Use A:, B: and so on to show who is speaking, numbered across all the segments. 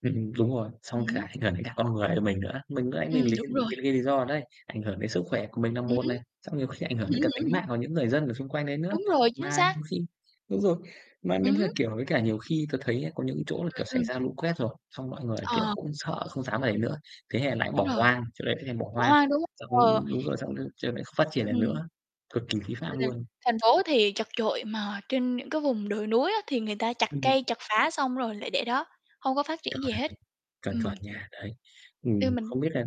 A: Ừm, đúng rồi,
B: Ừm
A: xong cả
B: hứm.
A: ảnh hưởng đến cả con người của mình nữa. Mình lúc nãy
B: Ừm,
A: mình lấy
B: đúng
A: cái
B: rồi.
A: lấy cái lý do đấy đấy, ảnh hưởng đến sức khỏe của mình là
B: Ừm
A: một này, xong nhiều khi ảnh hưởng đến cả
B: hứm.
A: tính mạng của những người dân ở xung quanh đấy nữa.
B: Đúng rồi, chính
A: Mà
B: xác.
A: nhiều khi đúng rồi. Mà nếu
B: Ừm
A: mà,
B: hứm.
A: kiểu, với cả nhiều khi tớ thấy á có những cái chỗ là,
B: Ừm,
A: kiểu, xảy
B: ừm.
A: ra lũ quét rồi, xong mọi người, kiểu,
B: Ờ.
A: cũng sợ không dám ở đấy nữa. Thế là lại bỏ
B: Đúng rồi.
A: hoang, chỗ đấy lại thành bỏ
B: Bỏ
A: hoang.
B: hoang, đúng
A: Xong
B: hông? Ờ.
A: đúng rồi xong lại ch không phát triển được
B: Ừm.
A: nữa, cực kỳ khí phạm
B: Ừm,
A: luôn.
B: thành phố thì chật trội mà trên những cái vùng đồi núi á, thì người ta chặt
A: Ừm.
B: cây, chặt phá xong rồi lại để đó, hông có phát triển gì
A: Chuẩn.
B: hết.
A: Chuẩn,
B: Ừm.
A: chuẩn nha, đấy.
B: Theo
A: Ừm,
B: mình
A: không biết là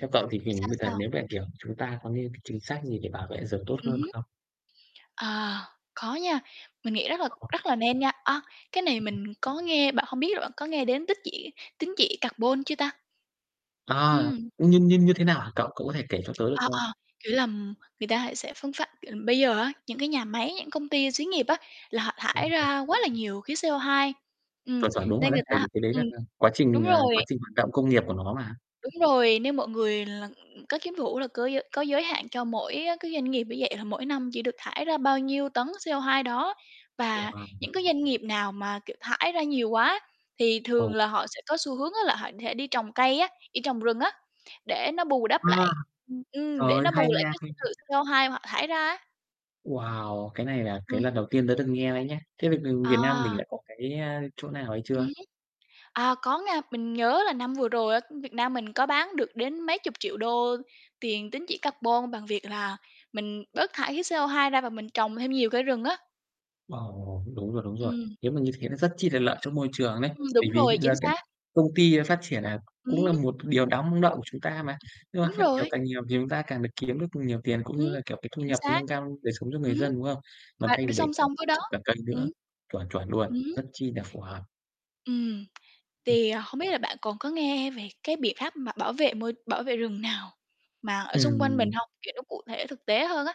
A: theo cậu thì hình
B: Sao,
A: với cả
B: sao?
A: nếu mà, kiểu, chúng ta có những cái chính sách gì để bảo vệ rừng tốt
B: Ừm
A: hơn
B: hứm.
A: không?
B: À, có nha, mình nghĩ rất là
A: Ồ.
B: rất là nên nha. À, cái này
A: [unintelligible]
B: mình có nghe, bạn hông biết bạn có nghe đến tích chỉ tín chỉ carbon chưa ta?
A: À,
B: Ừm.
A: như như như thế nào hả cậu? Cậu có thể kể cho tớ được
B: Ờ,
A: không?
B: ờ, kiểu là, người ta hãy sẽ phương pháp c ờm, bây giờ á, những cái nhà máy, những công ty, xí nghiệp á, là họ thải
A: Ồ, ồ.
B: ra quá là nhiều khí CO2, ừm,
A: Chuẩn, chuẩn, đúng rồi
B: nên
A: đấy,
B: người
A: tại
B: ta
A: vì cái đấy
B: ừm,
A: là à, quá
B: đúng
A: trình à,
B: rồi.
A: quá trình hoạt động công nghiệp của nó mà.
B: Đúng rồi, nên mọi người là có cái vụ ấy là cớ giới có giới hạn cho mỗi, á, cái doanh nghiệp như vậy là mỗi năm chỉ được thải ra bao nhiêu tấn CO2 đó. Và
A: [unintelligible]
B: những cái doanh nghiệp nào mà, kiểu, thải ra nhiều quá thì thường
A: Ồ.
B: là họ sẽ có xu hướng á là họ sẽ đi trồng cây á, đi trồng rừng á, để nó bù đắp
A: A,
B: lại, ừm,
A: trời
B: để
A: ơi,
B: nó
A: hay
B: bù lại
A: nha,
B: cái
A: hay nha.
B: sự CO2 họ thải ra á.
A: Wow, cái này là cái
B: Ừm
A: lần
B: hứm.
A: đầu tiên tớ được nghe đấy nhá. Thế bây b Việt Nam mình
B: À.
A: đã có cái chỗ nào hay
B: Ừm
A: chưa?
B: hứm. À, có nha, mình nhớ là năm vừa rồi á, Việt Nam mình có bán được đến mấy chục triệu đô tiền tín chỉ carbon bằng việc là mình bớt thải khí CO2 ra và mình trồng thêm nhiều cây rừng á.
A: Ồ! Đúng rồi, đúng rồi.
B: Ừm.
A: Nếu mà như thế nó rất chi là lợi cho môi trường đấy,
B: Ừm,
A: bởi
B: đúng
A: vì
B: rồi, chính
A: là các
B: xác.
A: công ty nó phát triển nà
B: Ừm
A: cũng là
B: hứm.
A: một điều đáng mong đợi của chúng ta mà. Nhưng mà
B: Đúng
A: phát triển
B: rồi.
A: càng nhiều thì chúng ta càng được kiếm được nhiều tiền, cũng
B: Ừm,
A: như là, kiểu, cái thu
B: chính
A: nhập
B: xác,
A: nâng cao đời sống cho người
B: ừm hứm,
A: dân, đúng không? Mà
B: mà
A: thay
B: đ
A: vì để
B: song song với đó
A: cả [unintelligible]
B: ừm.
A: nữa, chuẩn, chuẩn luôn,
B: Ừm hứm.
A: rất chi nà phù hợp.
B: Ừm. Tì hông biết là bạn còn có nghe về cái biện pháp mà bảo vệ môi bảo vệ rừng nào mà ở xung quanh mình
A: Ừm.
B: hông? Kiểu, nó cụ thể thực tế hơn á?